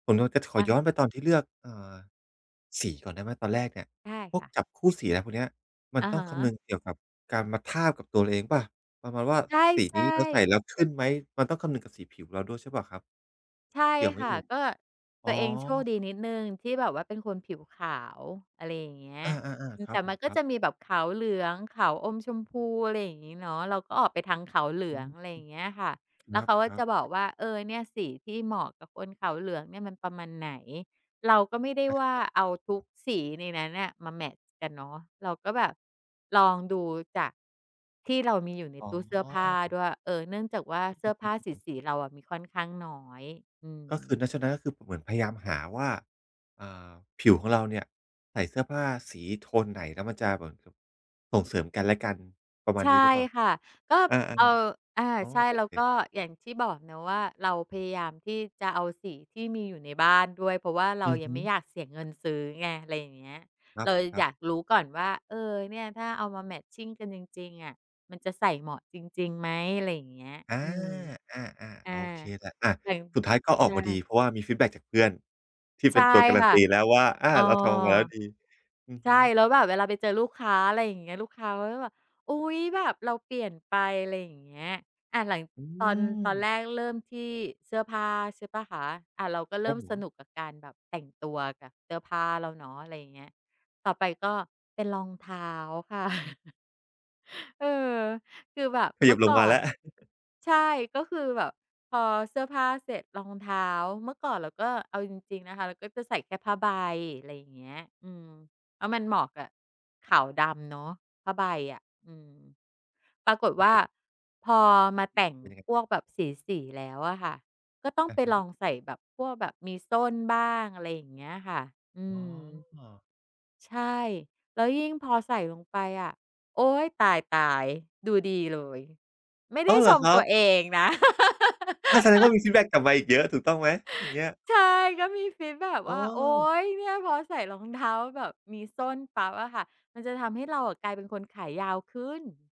ผมอะจะขคอ่ะ ย้อนไปตอนที่เลือก เอ่อ สีก่อนได้ไหม? ตอนแรกเนี่ย ใช่พควก่ะ จับคู่สีอะไรพวกเนี้ย มันอะต้อฮงคำนึะ งเกี่ยวกับการมาทาบกับตัวเราเองเปล่า? ประมาณว่าใสีชนี้่ เราใส่แลๆ ้วขึ้นไหม มันต้องคำนึงกับสีผิวของเราด้วยใช่เปล่าครับ ใช่เกี่ยวไหมค่เอะ ่ย? ก็อต๋ัอ วเองโชคดีนิดหนึ่งที่แบบว่าเป็นคนผิวขาว อะไรอย่างเงี้ย อา อืๆ ๆ คอ รแัตบ่ผมันม ก็ครัจบ ะมีแบบขาวเหลือง ขาวอมชมพู อะไรอย่างงี้เนาะ เราก็ออกไปทางขาวเหลือือง ม อะไรอย่างเงี้ยค่ะ คแรล้วัเขบ าครัจบ ะบอกว่า เออ เนี่ยสีที่เหมาะกับคนขาวเหลืองเนี่ยมันประมาณไหน เราก็ไม่ได้อะว่าฮะ เอาทุกสีในนั้นน่ะมาแมตช์กันเนาะ เราก็แบบลองดูจากที่เรามีอยู่ในอ๋อ ตู้เสื้อผ้าด้วย เออ เนื่องจากว่าเสื้อผ้าสี ๆ เราอะมีค่อนข้างน้อย อืก็คม ือนะ ฉะนั้น ก็คือผมเหมือนพยายามหาว่า อ่า ผิวของเราเนี่ยใส่เสื้อผ้าสีโทนไหน แล้วมันจะเหมือนกับส่งเสริมกันและกันประมาใชณ่นี้หรือเปล่า? ค่ะ ก็ อา เอ่อ อา ๆ อ๋อ ใช่ โอแล้เวก็ค อย่างที่บอกเนาะว่า เราพยายามที่จะเอาสีที่มีอยู่ในบ้านด้วย เพราะว่าเราอือยัฮงึ ไม่อยากเสียเงินซื้อไง อะไรอย่างเงี้ย ครเราอัยาบ ๆ กรู้ก่อนว่า เออ เนี่ยถ้าเอามา matching กันจริง ๆ อะ มันจะใส่เหมาะจริง ๆ ไหม อะไรอย่างเงี้ย อา อืม อา อา อา โอเคแหละ อ่า แต่ง สุดท้ายก็ใอชอกมาด่ ี เพราะว่า มีฟีดแบ็กจากเพื่อน ที่ใเชป็่นตัวการัคน่ะ ตี แล้วว่า อา อ๋อ เราทำออกมาแล้วดี อือใชฮ่ ึ แล้วแบบเวลาไปเจอลูกค้า อะไรอย่างเงี้ย ลูกค้าก็จะแบบ อุ๊ย! แบบเราเปลี่ยนไป อะไรอย่างเงี้ย อ่า หลัง อืตอน ตอนม แรกเริ่มที่เสื้อผ้า ใช่เปล่าคะ อ่า เราก็เคริร่ับมผสม นุกกับการแบบแต่งตัวกับเสื้อผ้าเราเนาะ อะไรอย่างเงี้ย ต่อไปก็เป็นรองเท้า ค่ะ เออ คือแบบเขเมยืิ่บอลกง่อมาแลน ้ว ใช่ ก็คือแบบพอเสื้อผ้าเสร็จ รองเท้า เมื่อก่อนเราก็ เอาจริง ๆ นะคะ เราก็จะใส่แค่ผ้าใบ อะไรอย่างเงี้ย อืม แล้วมันเหมาะกับขาวดำเนาะผ้าใบอะ อืม ปรากฏครัวบ่า ผม พอมาแต่งเป็นยังไง? พวกแบบสี ๆ แล้วอะค่ะ ก็ต้องอไะปฮลอะ งใส่แบบพวกแบบมีส้นบ้าง อะไรอย่างเงี้ยค่ะ อือม ๋อ ใช่ แล้วยิ่งพอใส่ลงไปอะ โอ๊ย ตาย ๆ ดูดีเลย ไม่ไอด้อ! ้เหชรอมครัตับ วเองนะ อา แสดงว่ามีฟีดแบ็กกลับมาอีกเยอะถูกต้องไหมอย่างเงี้ย? ใช่ ก็มีฟีตแบ็กอ๋ว่า โอ๊อ ย เนี่ยพอใส่รองเท้าแบบมีส้นปั๊บอะค่ะ มันจะทำให้เรากลายเป็นคนขายาวขึ้น